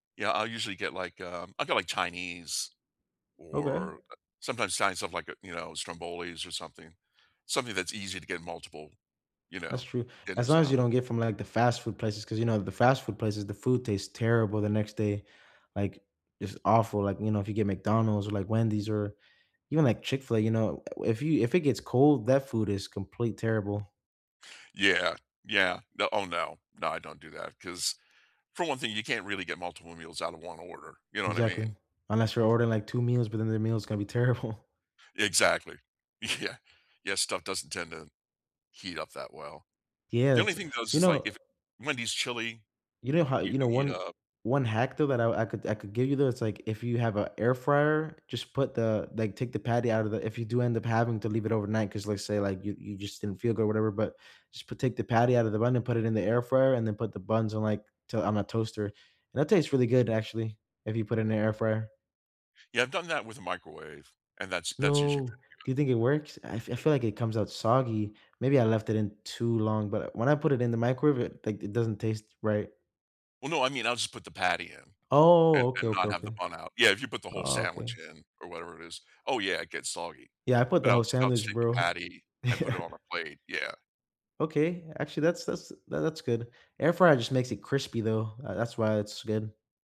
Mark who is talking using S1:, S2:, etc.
S1: Yeah, I'll usually get, like, um I'll get, like, Chinese
S2: Okay.
S1: or sometimes Italian stuff like, uh, you know, strombolis or something. Something that's easy to get multiple, you
S2: That's
S1: know,
S2: true, as
S1: dinners
S2: long as you
S1: out of.
S2: don't get from, like, the fast food places, ‘cause, you know, the fast food places, the food tastes terrible the next day, like, it's awful, like, you know, if you get McDonald's or, like, Wendy's or even, like, Chick-fil-A, you know, uh if you if it gets cold, that food is complete terrible.
S1: Yeah, yeah, no oh, no, no, I don't do that, 'cause for one thing, you can't really get multiple meals out of 1 order, you know what I mean?
S2: Exactly, unless you're ordering, like, 2 meals, but then the meal's gonna be terrible.
S1: Exactly, yeah, yeah, stuff doesn't tend to heat up that well.
S2: Yeah,
S1: The only
S2: it's
S1: thing though, is
S2: you
S1: just like
S2: know
S1: if Wendy's chili,
S2: you know how
S1: you
S2: you know,
S1: can heat
S2: one
S1: up.
S2: one hack though, that I could I could give you though, it's like, if you have a air fryer, just put the like take the patty out of the if you do end up having to leave it overnight, 'cause let's say, like, you you just didn't feel good or whatever, but just p take the patty out of the bun and put it in the air fryer and then put the buns in like, t on a toaster, and that tastes really good actually, if you put it in the air fryer.
S1: Yeah, I've done that with a microwave, and that's that's usually
S2: No,
S1: pretty
S2: do you
S1: good.
S2: think it works, I f I feel like it comes out soggy, maybe I left it in too long, but when I put it in the microwave, like, it doesn't taste right.
S1: Well, no, I mean, I'll just put the patty in and
S2: Oh, okay,
S1: and
S2: okay,
S1: not have the
S2: okay.
S1: bun out yeah, if you put the whole
S2: Oh, okay.
S1: sandwich in or whatever it is oh, yeah, it gets soggy,
S2: Yeah, I put
S1: but
S2: the
S1: I'll
S2: whole
S1: just I'll just
S2: sandwich,
S1: take the
S2: bro.
S1: patty and put it on a plate, yeah.
S2: Okay, actually, that's that's th that's good. Air fryer just makes it crispy, though, ah, that's why it's good.